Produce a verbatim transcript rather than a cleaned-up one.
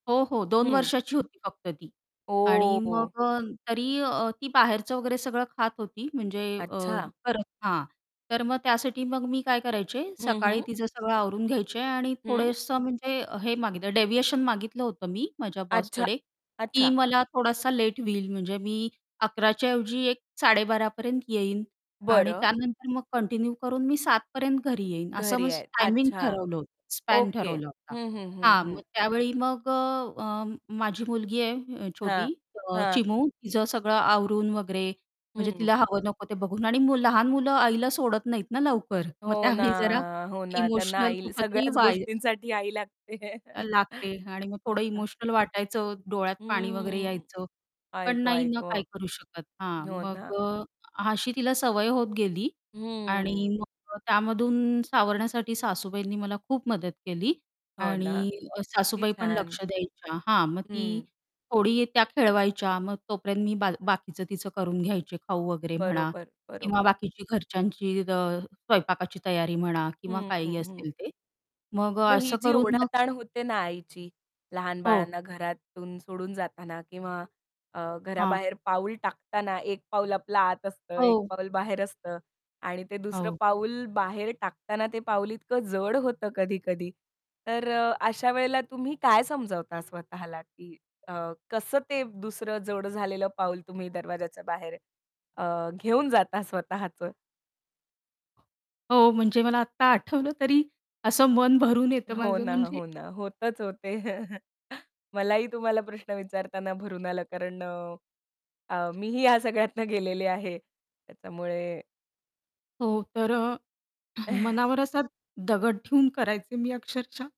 हो, हो दोन हं. वर्षाची होती फक्त ती. आणि ओ! मग अ, तरी अ, ती बाहेरचं वगैरे सगळं खात होती, म्हणजे अ, अच्छा. करत हां. तर मग त्यासाठी मग मी काय करायचे हं, सकाळी हं. तिचं सगळं आवरून घ्यायचे आणि हं. थोडंसं म्हणजे हे मागितलं डेविएशन मागितलं होतं मी माझ्या अच्छा. बॉसकडे की अच्छा. मला थोडासा लेट होईल म्हणजे मी अकरा च्या ऐवजी एक साडे बारा पर्यंत येईन आणि बरं. त्यानंतर मग कंटिन्यू करून मी सात पर्यंत घरी येईन, असं घरी माझं आहेत. टायमिंग अच्छा. ठरवलं होतं, स्पॅन ओके. ठरवला होता. हं, हं, हं, हां, हं. मग त्यावेळी मग अ, माझी मुलगी आहे हां, छोटी अ, हां. चिमू तिचं सगळं आवरून वगैरे म्हणजे हं. तिला हवं नको ते बघून आणि लहान मुलं आईला सोडत नाहीत ना लवकर, मग हो ना, त्यावेळी जरा हो ना. त्यांना इमोशनल आई कुठेतरी सगळ्याच वाय गोष्टींसाठी आई लागते लागते आणि मग हो थोडं ना. इमोशनल वाटायचं डोळ्यात पाणी वगैरे हम्म. यायचं, आई पण ग! नाही आई ग! ना काय करू शकत. हां, हो मग ना. अ, अ अशी तिला सवय होत गेली आणि हम्म. मग अ, त्यामधून सावरण्यासाठी सासूबाईंनी मला खूप मदत केली हो ना. आणि अ, किती सासूबाई पण छान. लक्ष द्यायच्या. हां, मग ती हं. थोडी त्या खेळवायच्या मग तोपर्यंत मी बा बाकीचं तिचं करून घ्यायचे खाऊ वगैरे म्हणा बरोबर, किंवा बरोबर. बाकीची घरच्यांची अ, स्वयंपाकाची तयारी म्हणा किंवा हं, काहीही हं, हं. असेल ते मग मग अ, ही असं जी करून मग ओढाताण होते ना आईची, लहान हो. बाळांना घरातून सोडून जाताना किंवा अ, हां. घराबाहेर पाऊल टाकताना एक पाऊल आपला आत असतं, एक हो. पाऊल बाहेर असतं आणि ते दुसरं हो. पाऊल बाहेर टाकताना ते पाऊल इतकं जड होतं कधी-कधी. तर अ, अशा वेळेला तुम्ही काय समजावता स्वतःला की अ, कसं ते दुसरं जड झालेलं पाऊल तुम्ही दरवाज्याच्या बाहेर अ, घेऊन जाता स्वतःचं? हो, म्हणजे मला आत्ता आठवलं तरी असं मन भरून येतं हो माझं ना, म्हणजे हो ना, होतंच हो ते. मलाही तुम्हाला प्रश्न विचारताना भरून आलं कारण अ, अ, मीही ह्या सगळ्यातनं गेलेली आहे. त्याच्यामुळे हो तर अ, हं, मनावर असा दगड ठेऊन करायचे मी अक्षरशः